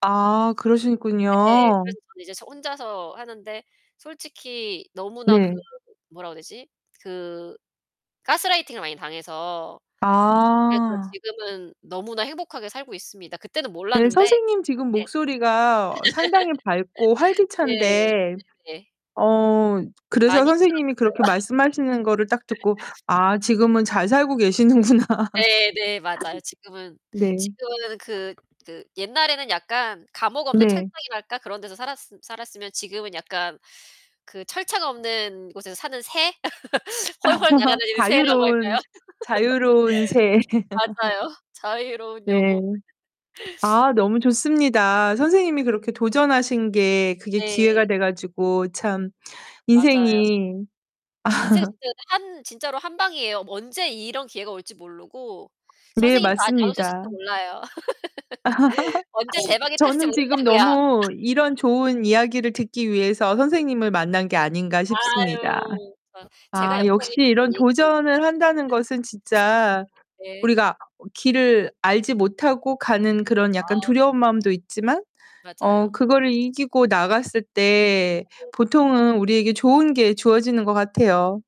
아, 네, 그러시군요. 그래서 전 이제 저 혼자서 하는데 솔직히 너무나 그 네. 뭐라고 해야 되지? 그 가스라이팅을 많이 당해서 그래서 아. 지금은 너무나 행복하게 살고 있습니다. 그때는 네, 몰랐는데 선생님 지금 네. 목소리가 상당히 밝고 예. 활기찬데 네네. 어 그래서 많이 선생님이 힘들었어요. 그렇게 말씀하시는 거를 딱 듣고 '아, 지금은 잘 살고 계시는구나.' 네네. 맞아요. 지금은 네. 지금은 그 그 옛날에는 약간 감옥 없는 네. 철창이랄까? 그런 데서 살았으 살았으면 지금은 약간 그 철창 없는 곳에서 사는 새? 훨훨 날아다니는 새라고 할까요? 자유로운 자유로운 새. 맞아요. 자유로운 네. 영혼. 아, 너무 좋습니다. 선생님이 그렇게 도전하신 게 그게 기회가 네. 돼 가지고 참 맞아요. 인생이 인생 진짜 근데 한 진짜로 한 방이에요. 뭐 언제 이런 기회가 올지 모르고 네, 선생님도 아직 안 맞습니다. 오셨을지도 몰라요. 언제 대박이 터질지 저는 지금 모른다고요. 너무 이런 좋은 이야기를 듣기 위해서 선생님을 만난 게 아닌가 싶습니다. 아유. 거 제가 아, 역시 연봉이 조금 이런 [unintelligible] 도전을 한다는 것은 진짜 네. 우리가 어 길을 알지 못하고 가는 그런 약간 아. 두려운 마음도 있지만 어 맞아요. 그거를 이기고 나갔을 때 보통은 우리에게 좋은 게 주어지는 것 같아요.